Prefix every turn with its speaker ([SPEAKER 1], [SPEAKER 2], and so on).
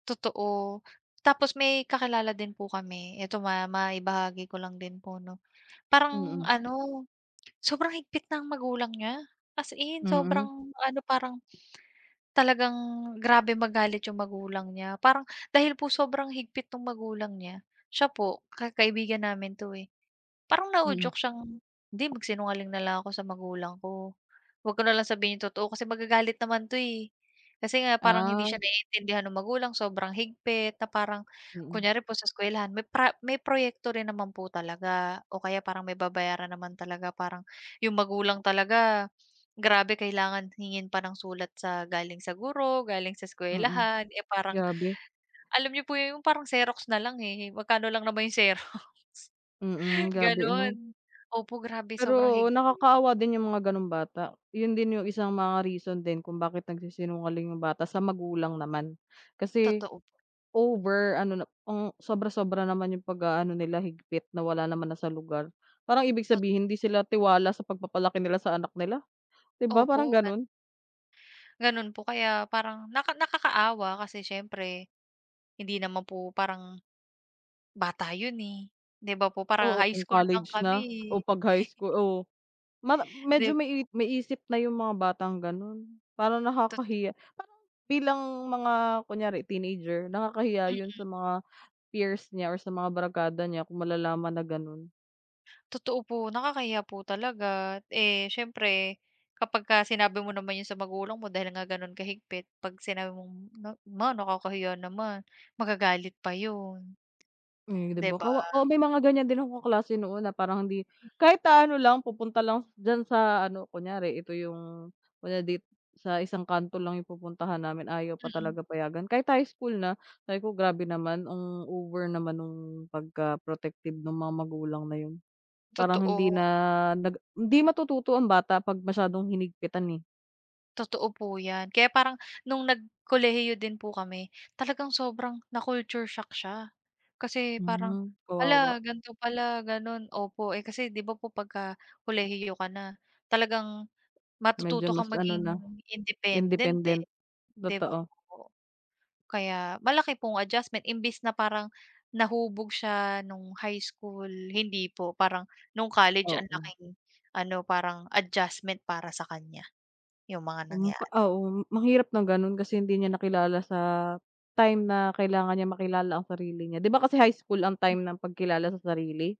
[SPEAKER 1] Totoo, tapos may kakilala din po kami, ito ma ma maibahagi ko lang din po 'no. Parang
[SPEAKER 2] Mm.
[SPEAKER 1] ano, sobrang higpit ng magulang niya as in
[SPEAKER 2] Mm.
[SPEAKER 1] sobrang ano parang, talagang grabe magalit yung magulang niya parang dahil po sobrang higpit nung magulang niya, siya po ka kaibigan namin 'to, eh, parang
[SPEAKER 2] Mm.
[SPEAKER 1] nauudyok siyang "'di magsinungaling na lang ako sa magulang ko, huwag ko na lang sabihin yung totoo kasi magagalit naman 'to eh." Kasi nga parang hindi siya
[SPEAKER 2] Ah.
[SPEAKER 1] naiintindihan nung magulang sobrang higpit na parang
[SPEAKER 2] Mm.
[SPEAKER 1] kunyari po sa eskuwelahan may pra may proyekto rin naman po talaga o kaya parang may babayaran naman talaga parang yung magulang talaga, grabe kailangan hingin pa ng sulat sa galing sa guro, galing sa
[SPEAKER 2] Mm,
[SPEAKER 1] eskwelahan, eh, parang,
[SPEAKER 2] grabe.
[SPEAKER 1] alam niyo po yung parang xerox na lang, eh, magkano lang naman yung xerox.
[SPEAKER 2] Mm, grabe ano?
[SPEAKER 1] Gano'n, opo grabe sobrang
[SPEAKER 2] Pero, oo
[SPEAKER 1] higpit.
[SPEAKER 2] nakakaawa din yung mga ganong bata, 'yun din yung isang mga reason din kung bakit nagsisinungaling yung bata sa magulang naman. Kasi,
[SPEAKER 1] Totoo po.
[SPEAKER 2] over ano na ang sobra-sobra naman yung pag-aano nila higpit na wala naman na sa lugar, parang ibig
[SPEAKER 1] Tot
[SPEAKER 2] sabihin hindi sila tiwala sa pagpapalaki nila sa anak nila, 'di ba parang
[SPEAKER 1] Opo gan
[SPEAKER 2] gano'n?
[SPEAKER 1] Gano'n po, kaya parang naka nakakaawa kasi siyempre, hindi naman po parang, bata 'yun, eh. 'Di ba po parang
[SPEAKER 2] Oo
[SPEAKER 1] high
[SPEAKER 2] kung
[SPEAKER 1] school lang
[SPEAKER 2] college
[SPEAKER 1] kami,
[SPEAKER 2] na o
[SPEAKER 1] eh.
[SPEAKER 2] 'pag high school oh mama medyo
[SPEAKER 1] 'Di
[SPEAKER 2] may may isip na yung mga batang gano'n. Parang
[SPEAKER 1] Totoo.
[SPEAKER 2] nakakahiya, parang bilang mga kunyari teenager nakakahiya 'yun
[SPEAKER 1] Mm.
[SPEAKER 2] sa mga peers niya or sa mga barkada niya kung malalaman na gano'n.
[SPEAKER 1] Totoo po, nakakahiya po talaga. Eh, siyempre kapagka sinabi mo naman 'yun sa magulang mo dahil nga gano'n ka-higpit, 'pag sinabi mong na, "ma nakakahiya naman" magagalit pa 'yun,
[SPEAKER 2] Hmm, 'di
[SPEAKER 1] 'di
[SPEAKER 2] ba
[SPEAKER 1] ba?
[SPEAKER 2] kawa oo, may mga ganyan din akong kaklase noon na parang hindi
[SPEAKER 1] Hmm.
[SPEAKER 2] kahit naano lang pupunta lang diyan sa ano, kunyari ito yung kunyari dito sa isang kanto lang yung pupuntahan namin ayaw pa
[SPEAKER 1] Mm.
[SPEAKER 2] talaga payagan, kahit high school na, sabi ko "grabe naman, ang over naman nung pagka protective nung mga magulang na 'yun" parang hindi na
[SPEAKER 1] Totoo.
[SPEAKER 2] nag hindi matututo ang bata pag masyadong hinigpitan, eh.
[SPEAKER 1] Totoo po yan, kaya parang nung nag kolehiyo din po kami talagang sobrang na-culture shock siya. Kasi parang,
[SPEAKER 2] Hmm,
[SPEAKER 1] "hala
[SPEAKER 2] kawawa.
[SPEAKER 1] gan'to pala gano'n," opo, eh, kasi 'di ba po pagka kolehiyo ka na talagang,
[SPEAKER 2] Medyo
[SPEAKER 1] matututo kang
[SPEAKER 2] mas ano
[SPEAKER 1] maging
[SPEAKER 2] na,
[SPEAKER 1] independent, eh,
[SPEAKER 2] independent
[SPEAKER 1] 'di ba
[SPEAKER 2] totoo.
[SPEAKER 1] po? Kaya malaki pong adjustment imbes na parang nahubog siya nung high school, hindi po. Parang nung college ang
[SPEAKER 2] Oo.
[SPEAKER 1] laking ano parang adjustment para sa kanya, yung mga
[SPEAKER 2] Hmm, pa
[SPEAKER 1] nangyari.
[SPEAKER 2] oo ang hirap ng gano'n kasi hindi niya nakilala sa time na kailangan niya makilala ang sarili niya, 'di ba kasi high school ang
[SPEAKER 1] Hmm.
[SPEAKER 2] time ng pagkilala sa sarili?